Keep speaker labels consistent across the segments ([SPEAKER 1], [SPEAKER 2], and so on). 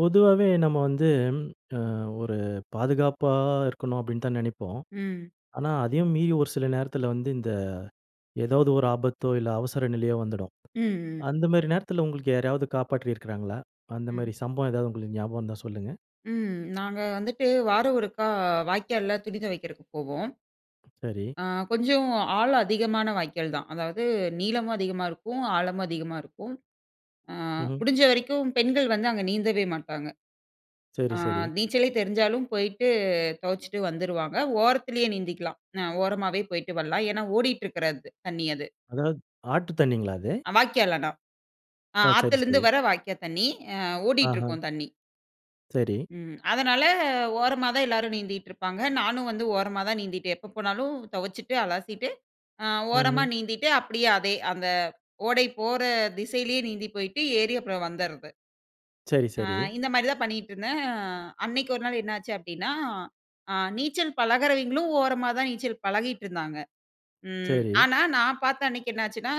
[SPEAKER 1] பொதுவாவே நம்ம வந்து அ ஒரு "பாதுகாப்பா இருக்கணும்." அப்டின்னு தான் நெனைப்போம்.
[SPEAKER 2] ம்.
[SPEAKER 1] ஆனா, அதையும் மீறி ஒரு சில நேரத்தில வந்து இந்த ஏதாவது ஒரு ஆபத்தோ இல்ல அவசர நிலையோ வந்துடும்.
[SPEAKER 2] ம்ஹ்ம்.
[SPEAKER 1] அந்த மாரி நேரத்தில உங்களுக்கு யாரையாவது காப்பாற்றியிருக்குறாங்களா? அந்த
[SPEAKER 2] ம்.
[SPEAKER 1] மாரி சம்பவம் ஏதாவது உங்களுக்கு ஞாபகம் இருந்தா சொல்லுங்க.
[SPEAKER 2] ம். நாங்க வந்துட்டு வாரம் ஒருக்கா வாய்க்கால்ல துணி துவைக்கிறதுக்கு போவோம்.
[SPEAKER 1] சரி.
[SPEAKER 2] அ கொஞ்சம் ஆழம் அதிகமான வாய்க்கால் தான். அதாவது நீளமும் அதிகமா இருக்கும், ஆழமும் அதிகமா இருக்கும். அ
[SPEAKER 1] ம்ஹ்ம்.
[SPEAKER 2] முடிஞ்ச வரைக்கும் பெண்கள் வந்து அங்க நீந்தவே மாட்டாங்க.
[SPEAKER 1] சரி,
[SPEAKER 2] அ
[SPEAKER 1] சரி.
[SPEAKER 2] நீச்சலே தெரிஞ்சாலும் போயிட்டு தொவச்சுட்டு வந்துருவாங்க. ஓரத்திலே நீந்திக்கலாம் அ ஓரமாவே போய்ட்டு வரலாம். ஏன்னா, ஓடிட்டு இருக்கறது தண்ணி அது.
[SPEAKER 1] அதாவது, ஆற்று தண்ணீங்களா அது?
[SPEAKER 2] வாய்க்கால் ஆனா. அ
[SPEAKER 1] ஓ! சரி,
[SPEAKER 2] ஆத்துலந்து
[SPEAKER 1] சரி.
[SPEAKER 2] வர வாய்க்கா தண்ணீ. அ ஓடிட்டு
[SPEAKER 1] ஆஹ.
[SPEAKER 2] இருக்கும் தண்ணி.
[SPEAKER 1] சரி.
[SPEAKER 2] ம். அதனால, ஓரமா தான் எல்லாரும் நீந்திட்டு இருப்பாங்க. நானும் வந்து ஓரமா தான் நீந்திட்டே. எப்போ போனாலும் தொவச்சுட்டு அலசிட்டு அ ஓரமா
[SPEAKER 1] ம்ஹ்ம்.
[SPEAKER 2] நீந்திட்டு அப்டியே அதே அந்த ஓடை போற திசையிலே நீந்தி போய்ட்டு, ஏறி அப்புறம் வந்துறது.
[SPEAKER 1] சரி,
[SPEAKER 2] அ
[SPEAKER 1] சரி.
[SPEAKER 2] இந்த மாரி தான் பண்ணிட்ருந்தேன். அ அன்னைக்கு 1 நாள் என்னாச்சு அப்டின்னா, அ நீச்சல் பழகுறவிங்களும் ஓரமா தான் நீச்சல் பழகிட்டு இருந்தாங்க. ம்.
[SPEAKER 1] சரி.
[SPEAKER 2] ஆனா நான் பார்த்த அன்னைக்கு என்னாச்சுன்னா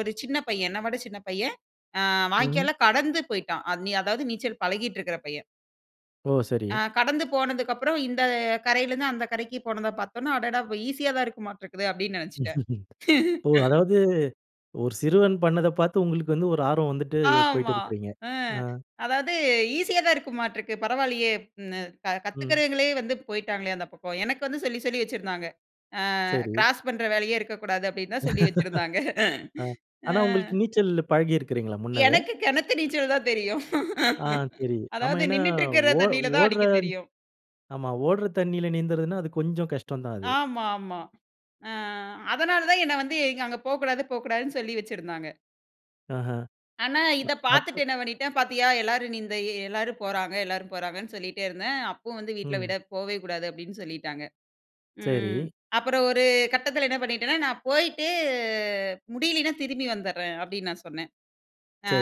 [SPEAKER 2] 1 சின்ன பையன் என்ன விட சின்ன பையன் அ
[SPEAKER 1] ம்.
[SPEAKER 2] வாய்க்கால்ல கடந்து போய்ட்டான். அத் அதாவது நீச்சல் பழகிட்டு இருக்கற பையன்.
[SPEAKER 1] ஓ, சரி.
[SPEAKER 2] ஆ கடந்து போனதுக்கப்புறம், இந்த கரையிலருந்து, அந்த கரைக்கு போனத பார்த்தவுடனே, "அடடா! அப்ப ஈஸியாதான் இருக்கமாட்டிருக்குது" அப்பிடீன்னு நினைச்சுட்டேன்.
[SPEAKER 1] ஓ! அதாவது ஒரு சிறுவன் பண்ணத பாத்து, உங்களுக்கு வந்து, ஒரு ஆர்வம் வந்துட்டு, போயிட்டு
[SPEAKER 2] ஆமா.
[SPEAKER 1] இருக்கிறீங்க.
[SPEAKER 2] அ
[SPEAKER 1] ஆ.
[SPEAKER 2] அதாவது, "ஈஸியாதான் இருக்குமாட்டிருக்கு. பரவாயில்லியே! ம் ந
[SPEAKER 1] ம்.
[SPEAKER 2] கத்துக்கிறவங்களே வந்து போய்ட்டாங்களே, அந்த பக்கம்," எனக்கு வந்து சொல்லி, சொல்லி வச்சிருந்தாங்க. அ
[SPEAKER 1] சரி.
[SPEAKER 2] "கிராஸ் பண்ற வேலையே இருக்கக்கூடாது" அப்பிடீன்னு தான் சொல்லி வச்சிருந்தாங்க.
[SPEAKER 1] அ ஆனா,
[SPEAKER 2] ம்.
[SPEAKER 1] உங்களுக்கு நீச்சலு பழகியிருக்கிறீங்களா, முன்னவே?
[SPEAKER 2] எனக்கு கிணத்து நீச்சல் தான் தெரியும்.
[SPEAKER 1] ஆ தெரியுது. ஆமா.
[SPEAKER 2] அதாவது
[SPEAKER 1] ஏன்னா,
[SPEAKER 2] நின்னுட்டிருக்குற
[SPEAKER 1] ஓ
[SPEAKER 2] தண்ணீல தான்,
[SPEAKER 1] ஓடுற
[SPEAKER 2] அடிக்க தெரியும்.
[SPEAKER 1] ஆமா, ஓடுற தண்ணீல நீந்தறதுனா, அது, கொஞ்சம் கஷ்டம் தான் அது.
[SPEAKER 2] ஆமா, ஆமா. ஆ அதனால தான் என்ன வந்து, இவுங்க "அங்கே போக்கூடாது. போக்கூடாது"ன்னு சொல்லி வச்சிருந்தாங்க.
[SPEAKER 1] ஆஹா,
[SPEAKER 2] ஆனா, இத
[SPEAKER 1] ப அப்
[SPEAKER 2] பாத்துட்டு என்ன பண்ணிட்டேன்? பாத்தியா எல்லாரும் நீந்த எல்லாரும் போறாங்க, எல்லாரும் போறாங்கன்னு சொல்லிட்டே இருந்தேன். அப்பவும் வந்து வீட்ல விட
[SPEAKER 1] ம்.
[SPEAKER 2] "போவே கூடாது" அப்பிடீன்னு சொல்லிட்டாங்க.
[SPEAKER 1] சரி.
[SPEAKER 2] ம் அப்புறம் ஒரு கட்டத்துல என்ன பண்ணிட்டேனா, "நான் போயிட்டு, முடியலீனா, திரும்பி வந்துடுறேன்" அப்பிடீன்னு நான் சொன்னேன்.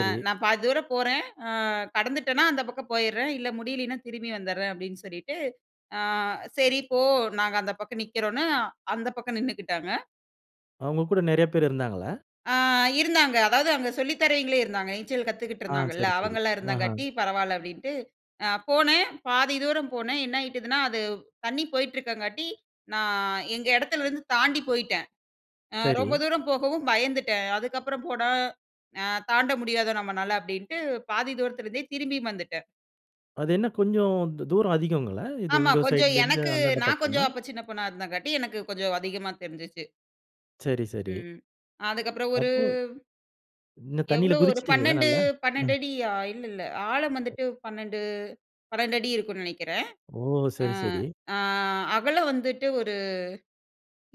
[SPEAKER 2] அ "நான் பாதி தூரம் போறேன். அ கடந்துட்டேன்னா, அந்த பக்கம் போயிடுறேன். இல்ல, முடியலீனா, திரும்பி வந்துடுறேன்" அப்பிடீன்னு சொல்லிட்டு. அ சரி. போ. நாங்க அந்த பக்கம் நிக்கிறோம்ன்னு, அந்த பக்கம் நின்னுக்கிட்டாங்க.
[SPEAKER 1] அவங்க கூட நெறைய பேர் இருந்தாங்களா?
[SPEAKER 2] அ இருந்தாங்க. அதாவது அங்க சொல்லி தரவிங்களே இருந்தாங்க. நீச்சல்
[SPEAKER 1] ஆ,
[SPEAKER 2] கத்துக்கிட்டுருந்தாங்கள்ள,
[SPEAKER 1] சரி, சரி.
[SPEAKER 2] அவங்களலாம்
[SPEAKER 1] ஆஹா.
[SPEAKER 2] இருந்தங்காட்டி பரவால்ல அப்டின்ட்டு, அ போனேன் பாதி தூரம் போனேன். என்னாயிட்டுதுன்னா, அது தண்ணி போயிட்டுருக்கங்காட்டி, நான் எங்க எடத்துலேருந்து தாண்டி போயிட்டேன். அ ரொம்ப
[SPEAKER 1] சரி.
[SPEAKER 2] தூரம் போகவும் பயந்துட்டேன். அதுக்கப்புறம் போனா, அ தாண்ட முடியாதோ நம்மனால, அப்டின்ட்டு பாதி தூரத்திலிருந்தே திரும்பியும் வந்துட்டேன்.
[SPEAKER 1] அது என்ன கொஞ்சம், து தூரம் அதிகங்களா? இது
[SPEAKER 2] ஆமா.
[SPEAKER 1] உங்க
[SPEAKER 2] கொஞ்சம்
[SPEAKER 1] சைட்லேருந்து
[SPEAKER 2] எனக்கு
[SPEAKER 1] அந்தாண்ட
[SPEAKER 2] நான்
[SPEAKER 1] பக்கமா?
[SPEAKER 2] கொஞ்சம் அப்போ சின்ன பொண்ணா இருந்தாங்காட்டி, எனக்கு கொஞ்சம் அதிகமா தெரிஞ்சிச்சு.
[SPEAKER 1] சரி, சரி.
[SPEAKER 2] ம். அதுக்கப்புறம் ஒரு
[SPEAKER 1] அப்போ, இன்னும், தண்ணீல
[SPEAKER 2] எவ்வளோ ஒரு
[SPEAKER 1] குதிச்சிடீங்களா
[SPEAKER 2] 12
[SPEAKER 1] நல்லா? அ.
[SPEAKER 2] 12 அடியா இல்ல, இல்ல ஆழம் வந்துட்டு, 12 12 அடி இருக்கும்னு நெனைக்கிறேன்.
[SPEAKER 1] ஓ!
[SPEAKER 2] அ
[SPEAKER 1] சரி, சரி.
[SPEAKER 2] அ அகலம் வந்துட்டு, ஒரு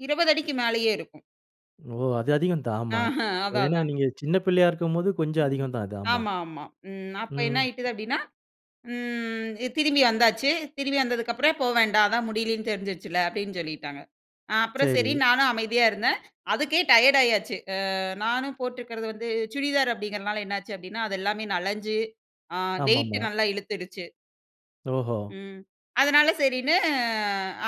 [SPEAKER 2] 20 அடிக்கு மேலேயே இருக்கும்.
[SPEAKER 1] ஓ! அது அதிகம் தான்.
[SPEAKER 2] ஆஹ
[SPEAKER 1] ஆமா.
[SPEAKER 2] அதான்,
[SPEAKER 1] ஏன்னா,
[SPEAKER 2] அதான்.
[SPEAKER 1] நீங்க சின்ன பிள்ளையா இருக்கும்போது கொஞ்சம் அதிகம் தான். அது ஆமா.
[SPEAKER 2] ஆமாமா. ம் அப்ப
[SPEAKER 1] ம்.
[SPEAKER 2] என்ன ஆயிட்டுது அப்டின்னா, ம் திரும்பி வந்தாச்சு. திரும்பி வந்ததுக்கப்பறம், போ வேண்டாம், அதான் முடியலன்னு தெரிஞ்சுருச்சுல்ல, அப்டின்னு சொல்லிட்டாங்க. அ அப்புறம் சரி
[SPEAKER 1] சரி.
[SPEAKER 2] நானும் அமைதியா இருந்தேன். அதுக்கே டயர்ட் ஆயாச்சு. அ நானும் போட்டுருக்குறது வந்து சுடிதார் அப்டிங்கிறதுனால, என்னாச்சு அப்டின்னா, அது எல்லாமே நனஞ்சு அ வெயிட்டு
[SPEAKER 1] ஆமாமா.
[SPEAKER 2] நல்லா இழுத்துடுச்சு.
[SPEAKER 1] ஓஹோ!
[SPEAKER 2] ம். அதனால சரின்னு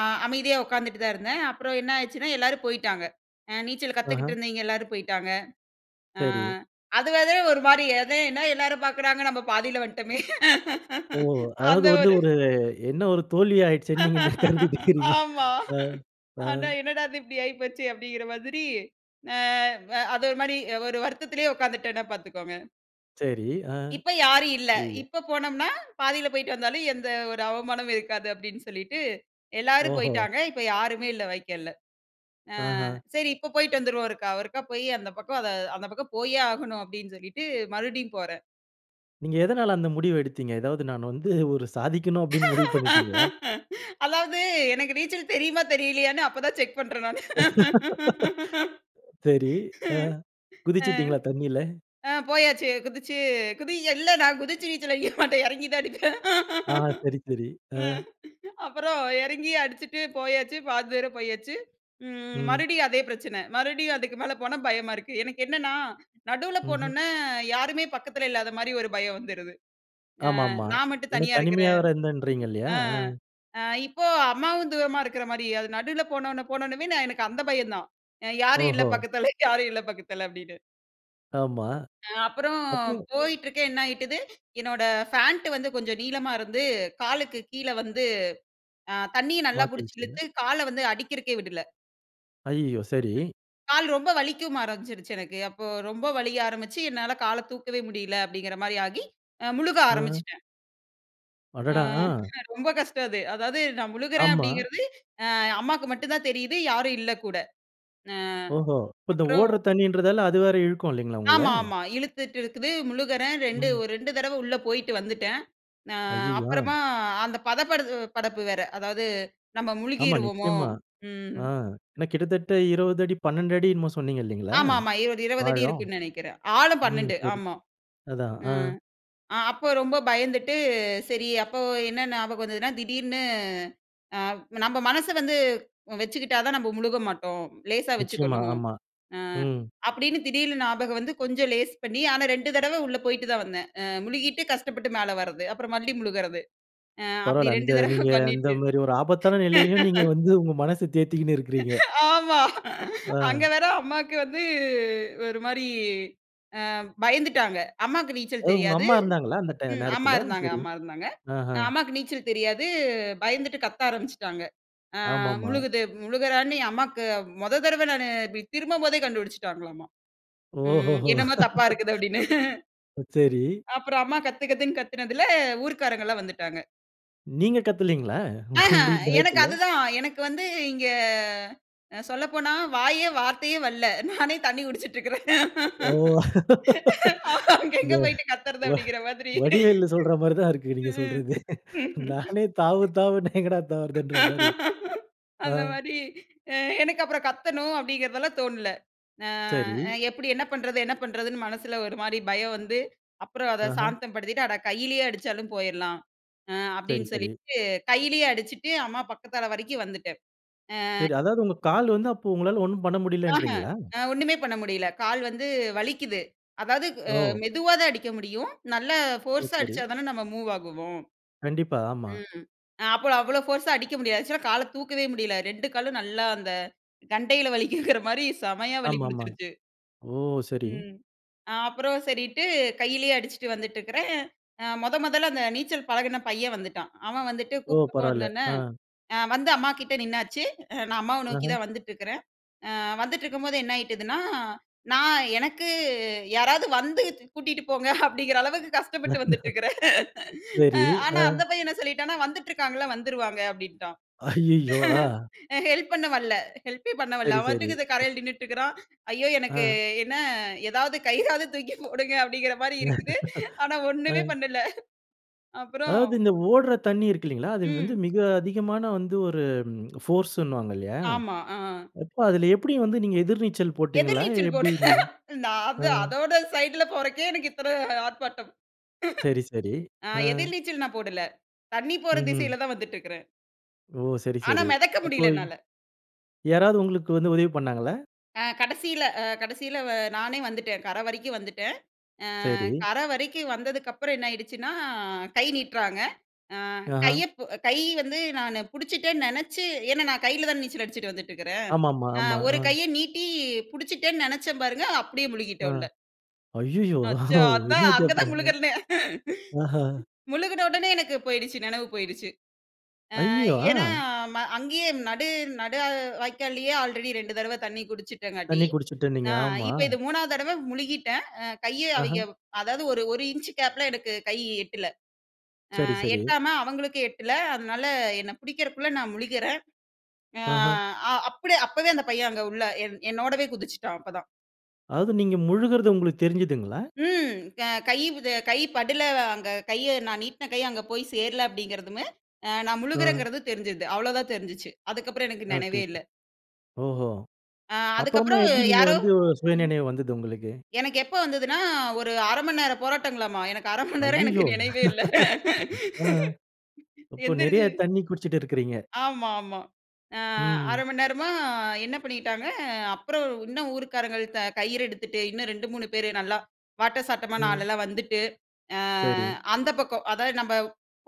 [SPEAKER 2] அ அமைதியா உட்காந்துட்டு தான் இருந்தேன். அப்புறம் என்ன ஆச்சுன்னா எல்லாரும் போய்ட்டாங்க. அ நீச்சல் கத்துக்கிட்டு
[SPEAKER 1] ஆஹம்.
[SPEAKER 2] இருந்தவிங்க எல்லாரும் போய்ட்டாங்க. அ
[SPEAKER 1] சரி.
[SPEAKER 2] அதுனால, ஒரு மாரி அதே என்ன எல்லாரும் பாக்குறாங்க நம்ம பாதியில வந்துட்டோமே
[SPEAKER 1] ஓ! அதாவது
[SPEAKER 2] அந்த
[SPEAKER 1] வந்து
[SPEAKER 2] ஒரு
[SPEAKER 1] ஒரு என்ன ஒரு தோல்வி ஆயிடுச்சேன்னு நீங்க கருதிட்டு இருக்றீங்க
[SPEAKER 2] ஆமா!
[SPEAKER 1] ஆ, ஆ.
[SPEAKER 2] ஆனா, "என்னடா இது இப்டி ஆகிப்போச்சே!" அப்டிங்கிற மாதிரி அ அது ஒரு மாரி ஒரு வருத்தத்திலயே உட்காந்துட்டேன்னா பாத்துக்கோங்க.
[SPEAKER 1] சரி, ஆ.
[SPEAKER 2] இப்ப யாரும் இல்ல.
[SPEAKER 1] [unintelligible]
[SPEAKER 2] இப்ப போனம்னா, பாதியில போய்ட்டு வந்தாலும், எந்த ஒரு அவமானமும் இருக்காது அப்டின்னு சொல்லிட்டு எல்லாரும்
[SPEAKER 1] ஓஹோ!
[SPEAKER 2] போய்ட்டாங்க. இப்ப யாருமே இல்ல வைக்கால்ல. ஆ
[SPEAKER 1] அஹ.
[SPEAKER 2] சரி இப்ப போய்ட்டு வந்துருவோம் ஒருக்கா ஒருக்கா போயி அந்த பக்கம் அத "அந்த பக்கம் போயே ஆகணும்." அப்டின்னு சொல்லிட்டு மறுபடியும் போறேன்.
[SPEAKER 1] நீங்க எதனால அந்த முடிவ எடுத்தீங்க? ஏதாவது நான் வந்து ஒரு சாதிக்கன்னு அப்டின்னு முடிவு பண்ணிடீங்ககளா?
[SPEAKER 2] அதாவது, எனக்கு நீச்சல் தெரியுமா தெரியலையான்னு அப்ப தான் செக் பண்றேன் நானு.
[SPEAKER 1] சரி, ஆ
[SPEAKER 2] ம்.
[SPEAKER 1] குதிச்சுட்டீங்களா தண்ணில?
[SPEAKER 2] ஆ போயாச்சு. குதிச்சு குதி இல்ல நான் குதிச்சு நீச்சல் அடிக்க மாட்டேன், எறங்கி தான் அடிப்பேன்.
[SPEAKER 1] ஆ. சரி, சரி. ஆ.
[SPEAKER 2] அ அப்புறம் எறங்கி அடிச்சுட்டு போயாச்சு. பாதி தூரம் போயாச்சு, ம்
[SPEAKER 1] ம்.
[SPEAKER 2] மறுபடியும் அதே பிரச்சனை. மறுபடியும் அதுக்கு மேல போனா பயமா இருக்கு. எனக்கு என்னன்னா, நடுவுல
[SPEAKER 1] ம்ஹ்ம்.
[SPEAKER 2] போனோன்னே யாருமே பக்கத்துல இல்லாத மாரி ஒரு பயம் வந்துருது. அ
[SPEAKER 1] ஆமாமா.
[SPEAKER 2] நான் மட்டும்
[SPEAKER 1] ஏன்னா
[SPEAKER 2] தனியா இருக்குற
[SPEAKER 1] தனிமையா வேற இருந்தேன்றீங்க, இல்லையா?
[SPEAKER 2] அ
[SPEAKER 1] அ
[SPEAKER 2] இப்போ அம்மாவும் தூரமா இருக்ற மாரி. அது நடுவுல போனோன்னே போனொனமே எனக்கு அந்த பயம் தான். அ "யாரும் இல்ல
[SPEAKER 1] ஓஹோ!
[SPEAKER 2] பக்கத்துல, யாரும் இல்ல பக்கத்துல." அப்டின்னு.
[SPEAKER 1] ஆமா.
[SPEAKER 2] அ அப்புறோம்
[SPEAKER 1] அப்போ.
[SPEAKER 2] போயிட்டுருக்கேன். என்ன ஆயிட்டுது, என்னோட ஃபேண்ட் வந்து கொஞ்சம் நீளமா இருந்து, காலுக்கு கீழ வந்து அ தண்ணிய நல்லா புடிச்சி
[SPEAKER 1] மாட்டிச்சுங்களா?
[SPEAKER 2] இழுத்து கால்ல வந்து அடிக்கிறக்கே விடல.
[SPEAKER 1] ஐயயோ! சரி.
[SPEAKER 2] ம். கால் ரொம்ப வலிக்கவும் ஆரம்பிச்சிடுச்சு எனக்கு. அப்போ ரொம்ப வலிக்க ஆரம்பிச்சி என்னால கால தூக்கவே முடியல அப்படிங்கற மாரி ஆகி, முழுக
[SPEAKER 1] அ.
[SPEAKER 2] ஆரம்பிச்சிட்டேன். அ
[SPEAKER 1] அடடா. அ.
[SPEAKER 2] ரொம்ப கஷ்டம் அது. அதாவது நான் முழுகுறேன்
[SPEAKER 1] ஆமா.
[SPEAKER 2] அப்படிங்கிறது அ அம்மாக்கு மட்டும் தான் தெரியுது. யாரும் இல்ல கூட. அ
[SPEAKER 1] ஓஹோ! இப்ப இந்த
[SPEAKER 2] அப்புறம்.
[SPEAKER 1] ஓடுற தண்ணீன்றதால அது வேற இழுக்கும் இல்லைங்களா. உங்கள?
[SPEAKER 2] ஆமாமா. இழுத்துட்டு இருக்குது. முழுகுறேன் 2
[SPEAKER 1] ம்.
[SPEAKER 2] ஒரு 2 தடவ உள்ள போயிட்டு வந்துட்டேன். அ
[SPEAKER 1] அய்யய்யோ! அ.
[SPEAKER 2] அப்புறமா அந்த பதப்படு படப்பு வேற அதாவது நம்ம
[SPEAKER 1] ஆமா.
[SPEAKER 2] முழுகிருவோமோ.
[SPEAKER 1] நிச்சயமா
[SPEAKER 2] ம்.
[SPEAKER 1] ஆ ஏன்னா கிட்டத்தட்ட 20 அடி 12அடி என்னமோ சொன்னீங்க இல்லைங்களா?
[SPEAKER 2] ஆமா, ஆமா. 20, 20அடி
[SPEAKER 1] ஆழம்.
[SPEAKER 2] இருக்குன்னு நினைக்கிறேன். ஆழம்
[SPEAKER 1] ம்.
[SPEAKER 2] 12.
[SPEAKER 1] புரி
[SPEAKER 2] ஆமா
[SPEAKER 1] அதான் ஆ.
[SPEAKER 2] ம் ஆ அப்போ ரொம்ப பயந்துட்டு சரி அப்போ என்ன ஞாபகம் வந்ததுன்னா, திடீர்ன்னு அ நம்ப மனச வந்து வச்சுக்கிட்டா தான் நம்ம முழுக மாட்டோம். லேசாக
[SPEAKER 1] நிச்சயமா.
[SPEAKER 2] வச்சுக்கணும்.
[SPEAKER 1] ஆமா.
[SPEAKER 2] அ
[SPEAKER 1] ம்.
[SPEAKER 2] அப்படின்னு திடீர்னு ஞாபகம் வந்து கொஞ்சம் லேஸ் பண்ணி, ஆனா 2 தடவை உள்ள போய்ட்டு தான் வந்தேன். அ முழுகிட்டு கஷ்டப்பட்டு மேல வர்றது அப்புறம் மல்லி முழுகறது அ அப்படி
[SPEAKER 1] பரவால்ல. அந்த
[SPEAKER 2] 2 தடவ
[SPEAKER 1] நீங்க அந்த
[SPEAKER 2] பண்ணிட்டு.
[SPEAKER 1] மாரி ஒரு ஆபத்தான நிலையிலும், நீங்க வந்து உங்க மனச தேர்த்திக்கினு இருக்கிறீங்க.
[SPEAKER 2] ஆமா.
[SPEAKER 1] ஆ.
[SPEAKER 2] அங்க வேற அம்மாவுக்கு வந்து ஒரு மாரி அ பயந்துட்டாங்க. அம்மாக்கு நீச்சல்
[SPEAKER 1] அதாவது உங்க
[SPEAKER 2] தெரியாது.
[SPEAKER 1] அம்மா இருந்தாங்களா, அந்த ட
[SPEAKER 2] ம். அம்மா
[SPEAKER 1] நேரத்துல?
[SPEAKER 2] இருந்தாங்க
[SPEAKER 1] சரி.
[SPEAKER 2] அம்மா இருந்தாங்க.
[SPEAKER 1] அஹ.
[SPEAKER 2] அம்மாக்கு நீச்சல் தெரியாது. பயந்துட்டு கத்த ஆரம்பிச்சுட்டாங்க. அ
[SPEAKER 1] ஆமாமா.
[SPEAKER 2] முழுகுது முழுகுறேன்னு ஏன் அம்மாக்கு மொத தடவ நானு இப்டி திரும்பும்போதே கண்டுபிடிச்சுட்டாங்களாமா. ம்.
[SPEAKER 1] ஓஹோஹோ!
[SPEAKER 2] "என்னமோ தப்பா இருக்குது" அப்படின்னு.
[SPEAKER 1] ஓ சரி.
[SPEAKER 2] அப்புறம் அம்மா "கத்து கத்துன்னு" கத்துனதுல ஊர்காரங்கலாம் வந்துட்டாங்க.
[SPEAKER 1] நீங்க கத்தலீங்களா? உங்களுக்கு,
[SPEAKER 2] ஆஹூம் எனக்கு
[SPEAKER 1] பயத்துல.
[SPEAKER 2] அதுதான். எனக்கு வந்து இங்கே சொல்லப்போனா, வாயே, வார்த்தையே வல்ல. நானே தண்ணி குடிச்சிட்டிருக்கிறேன்.
[SPEAKER 1] ஓ!
[SPEAKER 2] அங்க
[SPEAKER 1] இந்த
[SPEAKER 2] எங்க போயிட்டு கத்தறது?
[SPEAKER 1] வ
[SPEAKER 2] அப்படீன்கிற மாரி.
[SPEAKER 1] வடிவேலு சொல்ற மாரி தான் இருக்கு, நீங்க
[SPEAKER 2] ம்.
[SPEAKER 1] சொல்றது. நானே தாவு தாவுன்னா எங்கடா தாவுறதுன்ற மாரி. ஆ.
[SPEAKER 2] அந்த மாரி, அ எனக்கு அப்புறம் கத்தணும், அப்பிடீங்கிறதெல்லாம் தோணல.
[SPEAKER 1] சரி.
[SPEAKER 2] அ எப்டி என்ன பண்ணுறது, என்ன பண்ணுறதுன்னு மனசுல ஒரு மாரி பயம் வந்து, அப்புறம் அத
[SPEAKER 1] ஆஹ்ம்.
[SPEAKER 2] சாந்தம் படுத்திட்டு, அட கையிலயே அடிச்சாலும் போயிறலாம் அ
[SPEAKER 1] சரி,
[SPEAKER 2] அப்பிடீன்னு
[SPEAKER 1] சரி.
[SPEAKER 2] சொல்லிட்டு கையிலயே அடிச்சுட்டு, அம்மா பக்கத்தல வரைக்கும் வந்துட்டேன். அ,
[SPEAKER 1] சரி. அதாவது, உங்க கால் வந்து, அப்போ உங்களால ஒண்ணும் பண்ண
[SPEAKER 2] ஆஹும்.
[SPEAKER 1] முடியலன்றீங்களா?
[SPEAKER 2] ஆ ஒண்ணுமே பண்ண முடியல. கால் வந்து வலிக்கிது. அதாவது, அ
[SPEAKER 1] ஓ!
[SPEAKER 2] மெதுவா தான் அடிக்க முடியும். நல்ல
[SPEAKER 1] சரி,
[SPEAKER 2] போர்ஸா
[SPEAKER 1] சரி.
[SPEAKER 2] அடிச்சா தானே, நம்ம மூவ் ஆகுவோம்.
[SPEAKER 1] கண்டிப்பா. ஆமா.
[SPEAKER 2] ம். அப்போல அவ்ளோ போர்ஸா அடிக்க முடியாது. ஆக்சுவலா கால தூக்கவே முடியல. 2 காலும் நல்லா, அந்த கண்டையில வலிக்குதுங்கிற மாரி செமையா வலி
[SPEAKER 1] ஆமாமா.
[SPEAKER 2] புடுச்சுடுச்சு.
[SPEAKER 1] ஓ! சரி.
[SPEAKER 2] ம். அப்புறம் சரின்ட்டு கையிலயே அடிச்சுட்டு வந்துட்டிருக்கிறேன். அ மொத, மொதல்ல அந்த நீச்சல் பழகுன பையன் வந்துட்டான். அவன் வந்துட்டு
[SPEAKER 1] ஓ!
[SPEAKER 2] கூப்பிட்டப்போ
[SPEAKER 1] பரவால.
[SPEAKER 2] வந்தோடனே,
[SPEAKER 1] அ.
[SPEAKER 2] வந்து அம்மாகிட்டே நின்னாச்சு. அ நான் அம்மாவ நோக்கி
[SPEAKER 1] அஹ்ம்.
[SPEAKER 2] தான் வந்துட்ருக்கிறேன் அ வந்துட்ருக்கும்போது, என்னாயிட்டுதுன்னா, நான், எனக்கு யாராவது வந்து, து கூட்டிகிட்டு போங்க அப்பிடீங்கிற அளவுக்கு கஷ்டப்பட்டு வந்துட்ருக்குறேன்.
[SPEAKER 1] சரி.
[SPEAKER 2] அ ஆனா,
[SPEAKER 1] ஆ.
[SPEAKER 2] அந்த பையன் என்ன சொல்லிட்டானா? வந்துட்டுருக்காங்கல்ல. வந்துருவாங்க அப்பிடீன்ட்டான்.
[SPEAKER 1] ஐயயோ! ஆ.
[SPEAKER 2] ஹெல்ப் பண்ண வல்ல. ஹெல்பே பண்ண வரல.
[SPEAKER 1] சரி,
[SPEAKER 2] அவன்
[SPEAKER 1] சரி.
[SPEAKER 2] பாட்டுக்கு இந்த கரைல நின்னுட்டிருக்குறான். ஐயோ! எனக்கு
[SPEAKER 1] ஆ.
[SPEAKER 2] என்ன, ஏதாவது கையிறாவது தூக்கி போடுங்க, அப்பிடீன்கிற மாரி இருக்குது. ஆனா
[SPEAKER 1] ஆ.
[SPEAKER 2] ஒண்ணுமே பண்ணல. அப்புறம்.
[SPEAKER 1] அதாவது, இந்த ஓடுற தண்ணி இருக்கில்லீங்களா. அது வந்து
[SPEAKER 2] ம்.
[SPEAKER 1] மிக அதிகமான வந்து, ஒரு ம் போர்ஸுன்னுவாங்கல்லயா.
[SPEAKER 2] ஆமா. ஆ.
[SPEAKER 1] அப்போ அதுல எப்டி வந்து நீங்க எதிர்நீச்சல்
[SPEAKER 2] எதிர்
[SPEAKER 1] போட்டீங்களா,
[SPEAKER 2] நீச்சல்
[SPEAKER 1] எப்டி
[SPEAKER 2] போடுவேன்,
[SPEAKER 1] நீங்க?
[SPEAKER 2] நான் வந்த
[SPEAKER 1] ஆ.
[SPEAKER 2] அதோட சைடுல போறக்கே, எனக்கு இத்தன ஆர்ப்பாட்டம்.
[SPEAKER 1] சரி, சரி.
[SPEAKER 2] அ
[SPEAKER 1] ஆ.
[SPEAKER 2] எதிர் நீச்சல் நான் போடல. தண்ணி போற
[SPEAKER 1] ம்ஹ்ம்.
[SPEAKER 2] திசையில தான் வந்துட்டிருக்குறேன்.
[SPEAKER 1] ஓ! சரி
[SPEAKER 2] ஆனா,
[SPEAKER 1] சரி
[SPEAKER 2] மிதக்க
[SPEAKER 1] அப்போ.
[SPEAKER 2] முடியல என்னால.
[SPEAKER 1] யாராவது உங்களுக்கு வந்து உதவி பண்ணாங்களா?
[SPEAKER 2] அ கடைசியில அ கடைசியில வ நானே வந்துட்டேன் கரை வரைக்கும் வந்துட்டேன். அ
[SPEAKER 1] சரி.
[SPEAKER 2] கரை வரைக்கும் வந்ததுக்கப்புறம் என்னாயிடுச்சுன்னா, கை நீட்றாங்க, அ
[SPEAKER 1] ஆஹா
[SPEAKER 2] கையைப் கை வந்து நானு பிடிச்சுட்டேன்னு நினச்சு ஏன்னா நான் கையில தான நீச்சல் அடிச்சிட்டு வந்துட்டு இருக்கறேன்.
[SPEAKER 1] ஆமாமா. ஆமா.
[SPEAKER 2] ஒரு கையை நீட்டி பிடிச்சிட்டேன்னு நினச்சே பாருங்க அப்படியே
[SPEAKER 1] ஆ.
[SPEAKER 2] முழுகிட்டேன் உள்ள.
[SPEAKER 1] ஐய்யய்யோ!
[SPEAKER 2] அச்சோ அதான்
[SPEAKER 1] என்னாச்சு
[SPEAKER 2] அங்கே தான்
[SPEAKER 1] அப்புறம்?
[SPEAKER 2] முழுகன்னே.
[SPEAKER 1] ஆஹ.
[SPEAKER 2] முழுகின உடனே எனக்கு போயிடுச்சு நினைவு போயிடுச்சு. அ
[SPEAKER 1] ஐயோ!
[SPEAKER 2] ஏன்னா
[SPEAKER 1] ஆ.
[SPEAKER 2] ப அங்கேயே நடு நடு வாய்க்காலயே ஆல்ரெடி 2 தடவை தண்ணி குடிச்சிட்டங்காட்டி,
[SPEAKER 1] தண்ணி குடிச்சுட்டு இருந்தீங்க,
[SPEAKER 2] அ
[SPEAKER 1] ஆமா.
[SPEAKER 2] இப்ப இது 3வது தடவை முழுகிட்டேன். அ கையை
[SPEAKER 1] ஆஹ.
[SPEAKER 2] அவய்ங்க அதாவது ஒரு ஒரு இன்ச்சு கேப்பில எனக்கு கை எட்டல, அ
[SPEAKER 1] சரி சரி.
[SPEAKER 2] எட்டாம அவங்களுக்கு எட்டல, அதனால என்னை பிடிக்கிறதுக்குள்ள நான் முழுகுறன் அ
[SPEAKER 1] ஆஹ.
[SPEAKER 2] அப்படியே. அப்போவே அந்த பையன் அங்க உள்ளே என் என்னோடவே குதிச்சுட்டான். அப்பதான்
[SPEAKER 1] அதாவது நீங்க முழுகுறது உங்களுக்கு தெரிஞ்சதுங்களா?
[SPEAKER 2] ம். கை இத கை படுல அங்க கைய நா நீட்டின கைய அங்கே போய் சேரல அப்படி என்கிறதும் நான்
[SPEAKER 1] ம்.
[SPEAKER 2] முழுகுகிறேங்கறது தெரிஞ்ச்சுச்சு. அவ்வளவு தான் தெரிஞ்சது. அதுக்கு அப்புறம் எனக்கு
[SPEAKER 1] ஓகே,
[SPEAKER 2] நெனைவே
[SPEAKER 1] ஓகே
[SPEAKER 2] இல்ல.
[SPEAKER 1] ஓஹோ!
[SPEAKER 2] அ
[SPEAKER 1] அப்புறமா
[SPEAKER 2] அதுக்கப்புறம்
[SPEAKER 1] எப்படி நீங்க
[SPEAKER 2] யாரோ,
[SPEAKER 1] வந்து சுயநினைவு வந்தது உங்களுக்கு?
[SPEAKER 2] எனக்கு எப்போ வந்ததுன்னா? ஒரு 1/2 மணி நேரம் போராட்டங்களாமா, எனக்கு 1/2 மணி நேரம் எனக்கு
[SPEAKER 1] அய்யயோ!
[SPEAKER 2] நினைவே இல்ல.
[SPEAKER 1] ஆ. இப்போ நெறைய
[SPEAKER 2] எந்திரிச்சு
[SPEAKER 1] தண்ணி குடிச்சிட்டு இருக்கறீங்க.
[SPEAKER 2] ஆமா ஆமா. ஆ.
[SPEAKER 1] ம்.
[SPEAKER 2] 1/2 மணி நேரமா, க என்ன பண்ணிக்கிட்டாங்க. அப்புறம் இன்னும் ஊருக்காரங்க கயிறு எடுத்துட்டு, இன்னும் 2,3 பேரு நல்லா வாட்ட சாட்டமான
[SPEAKER 1] ம்.
[SPEAKER 2] ஆள்லாம், வந்துட்டு. அ
[SPEAKER 1] சரி.
[SPEAKER 2] அந்த பக்கம் அதாவது நம்ம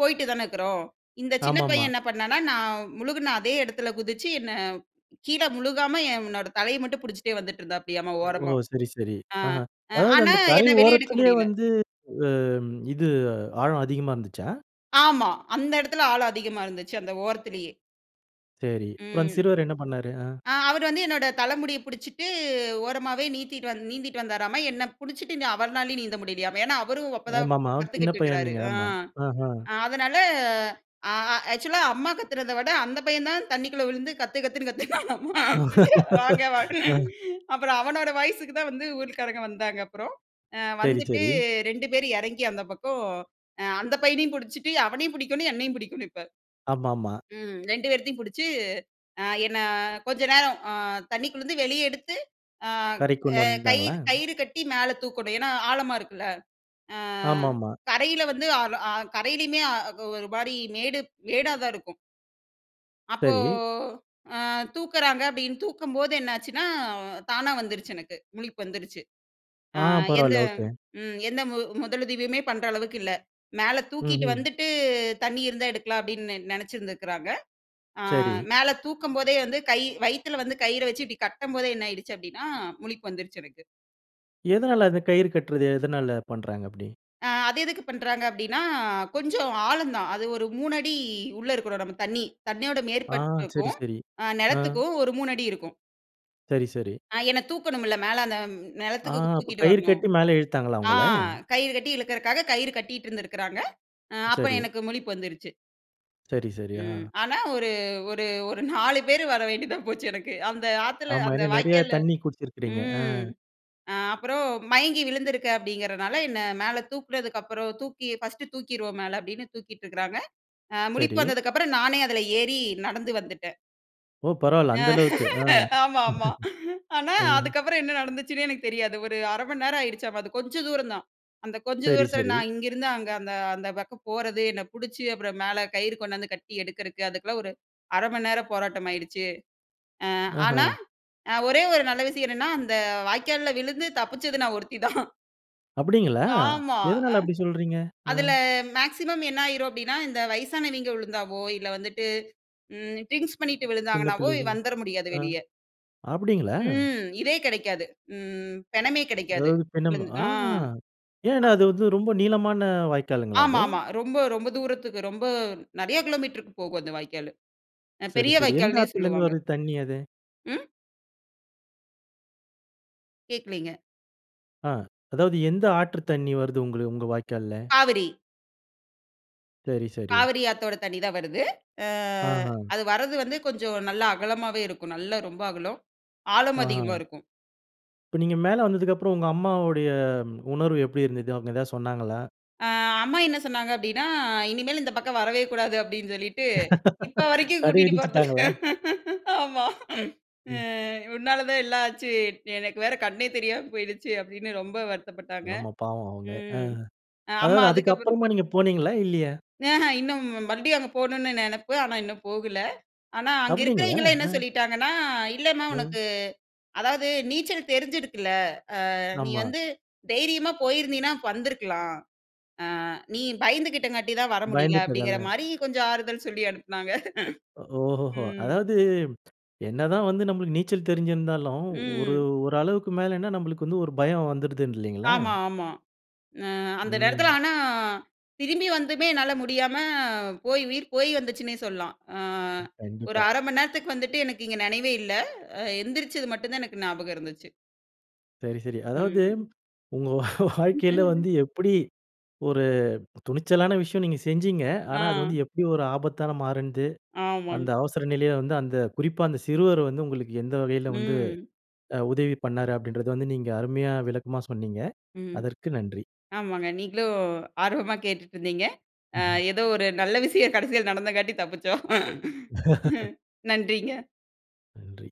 [SPEAKER 2] போயிட்டு தானே இருக்கிறோம். இந்த சின்ன
[SPEAKER 1] ஆமாமா.
[SPEAKER 2] பையன் என்ன பண்ணான்னா? நான் முழுகின அதே இடத்தில் குதிச்சு, என்ன கீழே முழுகாம என்னோட தலையை மட்டும் பிடிச்சிட்டே வந்துட்டுருந்தாப்டியாமா
[SPEAKER 1] ஓ!
[SPEAKER 2] ஓரமா.
[SPEAKER 1] சரி சரி.
[SPEAKER 2] அ
[SPEAKER 1] அஹ. அதாவது
[SPEAKER 2] ஆனா
[SPEAKER 1] அந்த கரை
[SPEAKER 2] என்ன வெளியே எடுக்க
[SPEAKER 1] ஓரத்திலயே,
[SPEAKER 2] முடியல.
[SPEAKER 1] வந்து அ இது ஆழம் அதிகமா இருந்துச்சா?
[SPEAKER 2] ஆமா. அந்த இடத்தில ஆளம் அதிகமா இருந்துச்சி, அந்த ஓரத்திலேயே.
[SPEAKER 1] சரி. அப்புறம், அந்த
[SPEAKER 2] ம்.
[SPEAKER 1] சிறுவர் என்ன பண்ணாரு. ஆ.
[SPEAKER 2] அ அவரு வந்து என்னோட தலமுடிய புடிச்சுட்டு ஓரமாவே நீத்திட்டு வந் நீந்திட்டு வந்தாராம. என்ன புடிச்சுட்டு நி அவர்னாலயும் நீந்த முடியலையாமா. ஏன்னா அவரும் அப்பதான்
[SPEAKER 1] ஆமாமா. ஒரு சின்ன
[SPEAKER 2] கத்துக்குட்டு இருக்குறாரு.
[SPEAKER 1] பையன்னீங்க.
[SPEAKER 2] ஆ.
[SPEAKER 1] ஆமா. ஆஹ.
[SPEAKER 2] அ அதனால ஆ ஆ ஆக்சுவலா அம்மா கத்துனத விட அந்த பையன்தான் தண்ணிக்குள்ள விழுந்து கத்து கத்துன்னு கத்துனாமா. வாங்க வாங்கன்னு.
[SPEAKER 1] ஆ.
[SPEAKER 2] அப்புறம் அவனோட வாய்ஸுக்கு தான் வந்து ஊர்க்காரங்க வந்தாங்க அப்புறம். ஆ.
[SPEAKER 1] சரி.
[SPEAKER 2] வந்துட்டு
[SPEAKER 1] சரி.
[SPEAKER 2] 2 பேர் இறங்கி அந்த பக்கம் அ அந்த பையனையும் புடிச்சுட்டு அவனையும் புடிக்கணும் என்னையும் புடிக்கணும் இப்ப.
[SPEAKER 1] ஆமாமா.
[SPEAKER 2] ம். 2 பேரத்தையும் புடிச்சு, அ என்ன கொஞ்ச நேரம் ஆ தண்ணிக்குள்ளறுந்து வெளியே எடுத்து, ஆ
[SPEAKER 1] கரைக்கு கொண்டு
[SPEAKER 2] அ
[SPEAKER 1] வந்தாங்களா?
[SPEAKER 2] கயிறு கயிறு கட்டி மேல தூக்கணும். ஏன்னா ஆழமா இருக்குல. ஆ
[SPEAKER 1] ஆமாமா.
[SPEAKER 2] கரையில வந்து ஆ ஆல கரையிலேயுமே ஆ ஒரு மாரி மேடு மேடா தான் இருக்கும். அப்போ
[SPEAKER 1] சரி.
[SPEAKER 2] ஆ தூக்குறாங்க அப்டின்னு தூக்கும்போது என்னாச்சுன்னா, தானா வந்துருச்சு எனக்கு. முழிப்பு வந்துருச்சு. ஆ
[SPEAKER 1] ஆ.
[SPEAKER 2] எந்த
[SPEAKER 1] பரவால்ல. ஓகே.
[SPEAKER 2] ம் எந்த முதலுதவியுமே பண்ற அளவுக்கு இல்ல. மேல தூக்கிட்டு
[SPEAKER 1] ம்ஹ்ம்.
[SPEAKER 2] வந்துட்டு தண்ணி இருந்தா எடுக்கலாம், அப்டின்னு நெனைச்சிருந்துருக்கிறாங்க. ஆ
[SPEAKER 1] சரி.
[SPEAKER 2] மேல தூக்கும்போதே வந்து, கை வயித்துல வந்து, கயிற வச்சு இப்டி கட்டும்போதே என்ன ஆயிடுச்சு அப்டின்னா, முழிப்பு வந்துருச்சு எனக்கு.
[SPEAKER 1] எதனால அந்த கயிறு கட்றது? எதனால பண்றாங்க அப்டி?
[SPEAKER 2] ஆ அது எதுக்கு பண்றாங்க அப்டின்னா, கொஞ்சம் ஆழந்தான். அது ஒரு 3 அடி உள்ள இருக்குறோம். நம்ம தண்ணீ. தண்ணீயோட
[SPEAKER 1] ஆ. சரி
[SPEAKER 2] மேற்பரப்புக்கும்,
[SPEAKER 1] சரி
[SPEAKER 2] அ
[SPEAKER 1] ஆ.
[SPEAKER 2] நெலத்துக்கும் ஒரு 3 அடி இருக்கும்.
[SPEAKER 1] சரி, சரி.
[SPEAKER 2] ஆ என்ன தூக்கணும்ல மேல. அந்த
[SPEAKER 1] ஆ
[SPEAKER 2] நெலத்துக்கு
[SPEAKER 1] அப்ப
[SPEAKER 2] தூக்கிட்டு
[SPEAKER 1] கயிறு
[SPEAKER 2] வரணும்.
[SPEAKER 1] கட்டி, மேல இழுத்தாங்களா
[SPEAKER 2] ஆ
[SPEAKER 1] உங்கள?
[SPEAKER 2] கயிறு கட்டி இழுக்குறக்காக, கயிறு கட்டிட்டு இருந்திருக்காங்க. ஆ அப்போ
[SPEAKER 1] சரி.
[SPEAKER 2] எனக்கு முழிப்பு வந்துருச்சு.
[SPEAKER 1] சரி, சரி. ஆ.
[SPEAKER 2] ம் ஆனா ஒரு ஒரு ஒரு 4 பேரு வர வேண்டியதா போச்சு எனக்கு. அந்த ஆத்துல
[SPEAKER 1] ஆமா
[SPEAKER 2] அந்த
[SPEAKER 1] ஏன்னா, நெறைய
[SPEAKER 2] வாய்க்கால்ல
[SPEAKER 1] தண்ணீ குடிச்சிருக்கிறீங்க அ.
[SPEAKER 2] ம் அப்புறம் மயங்கி விழுந்துருக்கேன் அப்படிங்கிறனால, என்ன மேல தூக்கினதுக்கப்புறம் தூக்கி ஃபர்ஸ்ட்டு தூக்கிருவோம் மேல அப்டின்னு தூக்கிட்டுருக்காங்க. அ முழிப்பு
[SPEAKER 1] சரி.
[SPEAKER 2] வந்ததுக்கப்புறம் நானே அதுல ஏறி நடந்து வந்துட்டேன்.
[SPEAKER 1] ஓ! பரவாயில்ல
[SPEAKER 2] அ
[SPEAKER 1] அந்த அளவுக்கு. அ.
[SPEAKER 2] ஆமா ஆமா. ஆனா,
[SPEAKER 1] அ.
[SPEAKER 2] அதுக்கப்புறம் என்ன நடந்துச்சுன்னே எனக்கு தெரியாது. ஒரு 1/2 மணி நேரம் ஆயிடுச்சாமா. அது கொஞ்சம் தூரம் தான். அந்த கொஞ்சம்
[SPEAKER 1] சரி,
[SPEAKER 2] தூரத்தில,
[SPEAKER 1] சரி.
[SPEAKER 2] நான் இங்கேருந்து அங்க, அந்த அந்த பக்கம் போறது என்ன புடிச்சு அப்புறம் மேல கயிறு கொண்டாந்து கட்டி எடுக்கறக்கு, அதுக்கெல்லாம் ஒரு 1/2 மணி நேர போராட்டமாயிடுச்சு. அ ஆனா,
[SPEAKER 1] ஆஹ.
[SPEAKER 2] அ ஒரே ஒரு நல்ல விஷயம் என்னென்னா, அந்த வாய்க்கால்ல விழுந்து தப்பிச்சது நான் ஒருத்தி தான்.
[SPEAKER 1] அப்படீங்களா!
[SPEAKER 2] ஆமா. அ
[SPEAKER 1] எதனால அப்படி சொல்றீங்க? அ.
[SPEAKER 2] அதுல மேக்ஸிமம் என்ன ஆயிரும் அப்படீன்னா, இந்த வயசானவிங்க விழுந்தாவோ, இல்ல வந்துட்டு ம் டிரிங்க்ஸ் பண்ணீட்டு
[SPEAKER 1] சின்ன
[SPEAKER 2] விழுந்தாங்கனாவோ
[SPEAKER 1] பிள்ளைங்கள்.
[SPEAKER 2] வந்துற முடியாது
[SPEAKER 1] ஆ.
[SPEAKER 2] வெளிய.
[SPEAKER 1] அப்படீங்களா?
[SPEAKER 2] ம். இதே கெடைக்காது. ம் பெணமே கிடைக்காது.
[SPEAKER 1] அதாவது பிணம்.
[SPEAKER 2] விழுந் ஆ.
[SPEAKER 1] ஆஹா!
[SPEAKER 2] அ.
[SPEAKER 1] ஏன்னா அது வந்து ரொம்ப நீளமான வாய்க்காலுங்களா
[SPEAKER 2] ஆமா,
[SPEAKER 1] அது?
[SPEAKER 2] ஆமா. ரொம்ப ரொம்ப தூரத்துக்கு ரொம்ப நெறைய கிலோமீட்டருக்கு போகும் அந்த வாய்க்காலு. அ
[SPEAKER 1] சரி,
[SPEAKER 2] பெரிய
[SPEAKER 1] சரி. எந்த
[SPEAKER 2] வாய்க்கால்ன்னே
[SPEAKER 1] ஆத்துல இருந்து
[SPEAKER 2] சொல்லுவாங்க.
[SPEAKER 1] வருது தண்ணி அது?
[SPEAKER 2] ம்? கேட்கலைங்க.
[SPEAKER 1] ஆ. அதாவது எந்த ஆற்று தண்ணி வருது உங்களு உங்க வாய்க்கால்ல?
[SPEAKER 2] காவிரி.
[SPEAKER 1] சரி, சரி.
[SPEAKER 2] காவிரி ஆத்தோட தண்ணி தான் வருது. அ
[SPEAKER 1] ஆஹா.
[SPEAKER 2] அது வரது வந்து கொஞ்சம் நல்லா அகலமாவே இருக்கும். நல்லா ரொம்ப அகலம். ஆழமும்
[SPEAKER 1] ஆ.
[SPEAKER 2] அதிகமா இருக்கும்.
[SPEAKER 1] இப்ப நீங்க மேல வந்ததுக்கப்புறம் உங்க அம்மாவுடைய உணர்வு எப்படி இருந்தது? அவுங்க எதாவது சொன்னாங்களா?
[SPEAKER 2] அ அம்மா என்ன சொன்னாங்க அப்படீன்னா, "இனிமேல் இந்த பக்கம் வரவே கூடாது." அப்படீன்னு சொல்லிட்டு, இப்ப வரைக்கும்
[SPEAKER 1] தடை
[SPEAKER 2] கூட்டிட்டு போறதில்ல.
[SPEAKER 1] விதிச்சுட்டாங்களா?
[SPEAKER 2] ஆமா. "அ
[SPEAKER 1] ம்.
[SPEAKER 2] உன்னால தான் எல்லாம் ஆச்சு. எனக்கு வேற கண்ணே தெரியாம போயிடுச்சு." அப்படீன்னு ரொம்ப வருத்தப்பட்டாங்க.
[SPEAKER 1] ஆமா, பாவம் அவுங்க. ஆ.
[SPEAKER 2] ம். அம்மா
[SPEAKER 1] அதாவது
[SPEAKER 2] அதுக்கப்புறம்
[SPEAKER 1] அதுக்கப்பறமா நீங்க போனீங்களா? இல்லையா?
[SPEAKER 2] அஹ்ம் இன்னும் மறுபடியும் அங்க போகணும்னு நெனைப்பு. ஆனா, இன்னும் போகல. ஆனா, அங்க
[SPEAKER 1] அப்படீங்களா?
[SPEAKER 2] இருக்கிறவைங்கலாம் என்ன
[SPEAKER 1] ம்.
[SPEAKER 2] சொல்லிட்டாங்கன்னா, "இல்லன்னா
[SPEAKER 1] ம்.
[SPEAKER 2] உனக்கு அதாவது நீச்சல் தெரிஞ்சிருக்குல்ல? அ நீ
[SPEAKER 1] ஆமா.
[SPEAKER 2] வந்து தைரியமா போயிருந்தீன்னா அப்ப வந்துருக்கலாம். அ நீ பயந்துகிட்டங்காட்டி தான் வர முடியல." அப்படீங்கிற
[SPEAKER 1] பயந்துட்டதால.
[SPEAKER 2] மாரி கொஞ்சம் ஆறுதல் சொல்லி அனுப்புனாங்க.
[SPEAKER 1] ஒ ஓஹோஹோ!
[SPEAKER 2] ம்.
[SPEAKER 1] அதாவது என்னதான் வந்து நம்பளுக்கு நீச்சல் தெரிஞ்சிருந்தாலும், ஒரு
[SPEAKER 2] ம்.
[SPEAKER 1] ஒரு அளவுக்கு மேலன்னா நம்பளுக்கு வந்து ஒரு பயம் வந்துடுதுன்னு இல்லைங்களா?
[SPEAKER 2] ஆமா, ஆமா. அ அந்த நேரத்துல
[SPEAKER 1] ம்.
[SPEAKER 2] ஆனா, திரும்பி வந்துமே என்னால முடியாம, போய் உயிர் போய் வந்துச்சுன்னே, சொல்லலாம். அ
[SPEAKER 1] அ
[SPEAKER 2] ஒரு
[SPEAKER 1] கண்டிப்பா.
[SPEAKER 2] 1/2 மணி நேரத்துக்கு வந்துட்டு, எனக்கு இங்க நெனைவே இல்ல. அ எந்திரிச்சது மட்டும் தான் எனக்கு ஞாபகம் இருந்துச்சு.
[SPEAKER 1] சரி, சரி. அதாவது
[SPEAKER 2] ம்.
[SPEAKER 1] உங்க வாழ்க்கையில வந்து எப்படி ஒரு துணிச்சலான விஷயம் நீங்க செஞ்சீங்க. ஆனா, அது
[SPEAKER 2] ஆ.
[SPEAKER 1] வந்து எப்படி ஒரு ஆபத்தாக மாறுனுது,
[SPEAKER 2] ஆமாங்க.
[SPEAKER 1] அந்த அவசர நிலைய வந்து அந்த குறிப்பா அந்த சிறுவர் வந்து உங்களுக்கு எந்த வகையில வந்து
[SPEAKER 2] ம்.
[SPEAKER 1] அ உதவி பண்ணாரு, அப்படீன்றது வந்து நீங்க அருமையா விளக்கமா சொன்னீங்க.
[SPEAKER 2] ம்.
[SPEAKER 1] அதற்கு நன்றி.
[SPEAKER 2] ஆமாங்க, நீங்களும் ஆர்வமா கேட்டுட்ருந்தீங்க. அ
[SPEAKER 1] ம்ஹ்ம்.
[SPEAKER 2] ஏதோ ஒரு நல்ல விஷயம் கடைசியில நடந்தங்காட்டி தப்பிச்சோம். நன்றிங்க.
[SPEAKER 1] நன்றி.